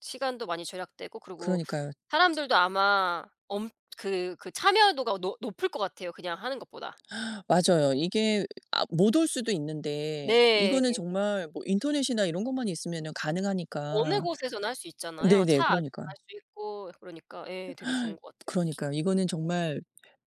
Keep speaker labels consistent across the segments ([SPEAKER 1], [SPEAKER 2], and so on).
[SPEAKER 1] 시간도 많이 절약되고 그리고
[SPEAKER 2] 그러니까요.
[SPEAKER 1] 사람들도 아마 엄 그 그 참여도가 높 높을 것 같아요 그냥 하는 것보다.
[SPEAKER 2] 맞아요. 이게 아 못 올 수도 있는데 이거는
[SPEAKER 1] 네.
[SPEAKER 2] 정말 뭐 인터넷이나 이런 것만 있으면은
[SPEAKER 1] 어느
[SPEAKER 2] 가능하니까.
[SPEAKER 1] 곳에서나 할 수 있잖아요.
[SPEAKER 2] 네네.
[SPEAKER 1] 차 안에서
[SPEAKER 2] 그러니까요.
[SPEAKER 1] 할 수 있고 그러니까 예 되게 좋은 것 같아요.
[SPEAKER 2] 그러니까요. 이거는 정말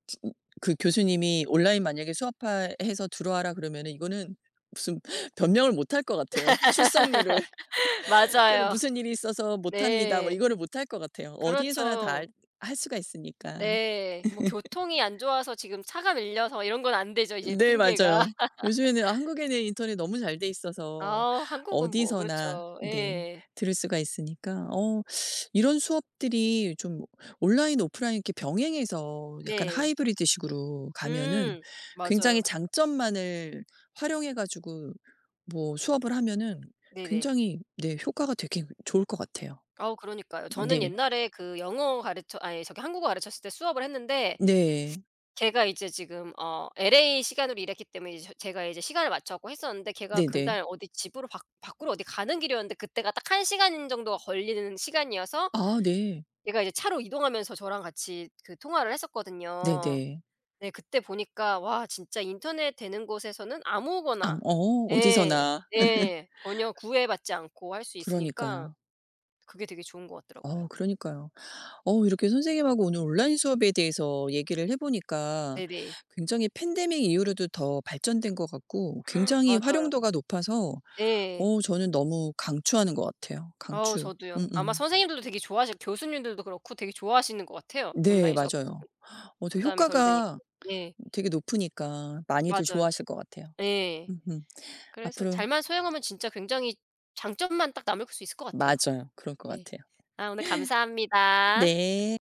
[SPEAKER 2] 치 그 교수님이 온라인 만약에 "수업하 해서 들어와라." 그러면은 이거는 무슨 변명을 못할 것 같아요 출석률을. "저는
[SPEAKER 1] 맞아요.
[SPEAKER 2] 무슨 일이 있어서 못합니다." 뭐
[SPEAKER 1] 네.
[SPEAKER 2] 이거를 못할 것 같아요. 어디에서나 다
[SPEAKER 1] 그렇죠.
[SPEAKER 2] 할 수가 있으니까.
[SPEAKER 1] 예. 뭐 교통이 안 좋아서 지금 차가 밀려서 이런 건 안 되죠 이제
[SPEAKER 2] 네
[SPEAKER 1] 핑계가.
[SPEAKER 2] 맞아요. 요즘에는 아 한국에는 인터넷 너무 잘 돼 있어서
[SPEAKER 1] 아 한국은 뭐
[SPEAKER 2] 어디서나
[SPEAKER 1] 그렇죠.
[SPEAKER 2] 네
[SPEAKER 1] 예.
[SPEAKER 2] 들을 수가 있으니까 어 이런 수업들이 좀 온라인 오프라인 이렇게 병행해서 약간
[SPEAKER 1] 네.
[SPEAKER 2] 하이브리드식으로 가면은
[SPEAKER 1] 음
[SPEAKER 2] 굉장히
[SPEAKER 1] 맞아요.
[SPEAKER 2] 장점만을 활용해 가지고 뭐 수업을 하면은
[SPEAKER 1] 네네.
[SPEAKER 2] 굉장히 네 효과가 되게 좋을 것 같아요.
[SPEAKER 1] 어 그러니까요. 저는
[SPEAKER 2] 네.
[SPEAKER 1] 옛날에 그 영어 가르쳐 아이 저기 한국어 가르쳤을 때 수업을 했는데
[SPEAKER 2] 네.
[SPEAKER 1] 걔가 이제 지금 어 LA 시간으로 일했기 때문에 이저 제가 이제 시간을 맞춰 갖고 했었는데 걔가
[SPEAKER 2] 네네.
[SPEAKER 1] 그날 어디 집으로 밖 밖으로 어디 가는 길이었는데 그때가 딱 1 시간 정도가 걸리는 시간이어서
[SPEAKER 2] 아 네.
[SPEAKER 1] 얘가 이제 차로 이동하면서 저랑 같이 그 통화를 했었거든요.
[SPEAKER 2] 네네.
[SPEAKER 1] 네 그때 보니까 와 진짜 인터넷 되는 곳에서는
[SPEAKER 2] 암
[SPEAKER 1] 아무거나
[SPEAKER 2] 어.
[SPEAKER 1] 예.
[SPEAKER 2] 어디서나.
[SPEAKER 1] 예. 전혀 구애받지 않고 할 수 있으니까
[SPEAKER 2] 그러니까요.
[SPEAKER 1] 그게 되게 좋은 것 같더라고요.
[SPEAKER 2] 어 그러니까요. 어 이렇게 선생님하고 오늘 온라인 수업에 대해서 얘기를 해 보니까
[SPEAKER 1] 네네.
[SPEAKER 2] 굉장히 팬데믹 이후로도 더 발전된 것 같고 굉장히
[SPEAKER 1] 맞아요.
[SPEAKER 2] 활용도가 높아서
[SPEAKER 1] 예.
[SPEAKER 2] 어 저는 너무 강추하는 것 같아요
[SPEAKER 1] 아우
[SPEAKER 2] 강추.
[SPEAKER 1] 저두요. 아마
[SPEAKER 2] 음음.
[SPEAKER 1] 선생님들도 되게 좋아하싯 교수님들도 그렇고 되게 좋아하시는 것 같아요
[SPEAKER 2] 네
[SPEAKER 1] 온라인 수업
[SPEAKER 2] 맞아요.
[SPEAKER 1] 사실은.
[SPEAKER 2] 어 되게
[SPEAKER 1] 부담이 덜 되니까.
[SPEAKER 2] 효과가
[SPEAKER 1] 예.
[SPEAKER 2] 되게 높으니까 많이들
[SPEAKER 1] 맞아요.
[SPEAKER 2] 좋아하실 것 같아요.
[SPEAKER 1] 예.
[SPEAKER 2] 음음.
[SPEAKER 1] 그래서
[SPEAKER 2] 앞으로
[SPEAKER 1] 잘만 소양하면 진짜 굉장히 장점만 딱 남을 수 있을 것 같아요.
[SPEAKER 2] 맞아요. 그럴 것
[SPEAKER 1] 네.
[SPEAKER 2] 같아요.
[SPEAKER 1] 아 오늘 감사합니다.
[SPEAKER 2] 네.